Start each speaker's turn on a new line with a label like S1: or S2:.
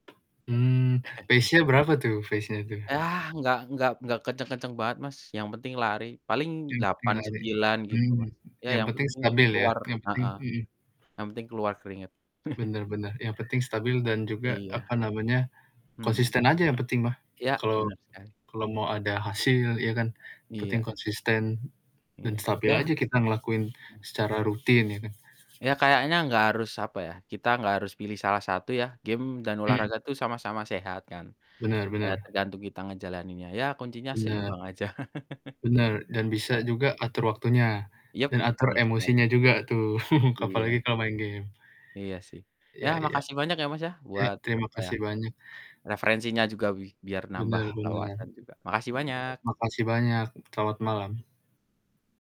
S1: Mmm, pace-nya berapa tuh? Pace-nya tuh.
S2: Ah, nggak nggak nggak kencang-kencang banget Mas, yang penting lari. Paling
S1: Yang penting
S2: delapan
S1: lari.
S2: sembilan gitu
S1: Hmm,
S2: mah. Ya
S1: yang
S2: yang
S1: penting
S2: penting
S1: stabil ya,
S2: keluar
S1: yang penting
S2: Heeh.
S1: mhm.
S2: Yang penting keluar keringat.
S1: Bener bener. Yang penting stabil dan juga,
S2: Iya.
S1: apa namanya,
S2: Mhm.
S1: konsisten aja yang penting mah.
S2: Iya,
S1: Kalau
S2: bener sekali.
S1: kalau mau ada hasil ya kan, penting
S2: Iya.
S1: konsisten dan
S2: Iya.
S1: stabil
S2: Ya
S1: aja kita ngelakuin
S2: eh.
S1: secara rutin, itu.
S2: Ya kayaknya enggak harus apa ya, kita enggak harus pilih salah satu ya, game dan
S1: Mhm.
S2: olahraga tuh sama-sama sehat kan,
S1: Bener
S2: eee,
S1: bener.
S2: tergantung kita ngejalaninnya, ya kuncinya
S1: Benar.
S2: seimbang aja.
S1: Benar, dan bisa
S2: Heeh heeh.
S1: juga atur waktunya,
S2: Yap,
S1: dan atur
S2: bener sekali.
S1: emosinya juga tuh.
S2: Iya.
S1: Apalagi kalau main game.
S2: Iya sih. Ya,
S1: Iya iya.
S2: makasih banyak ya Mas ya,
S1: Iya,
S2: buat
S1: terima
S2: apa ya,
S1: kasih banyak.
S2: referensinya juga, bi biar nambah
S1: Bener bener.
S2: wawasan juga, makasih banyak.
S1: Terima kasih banyak. Selamat malam.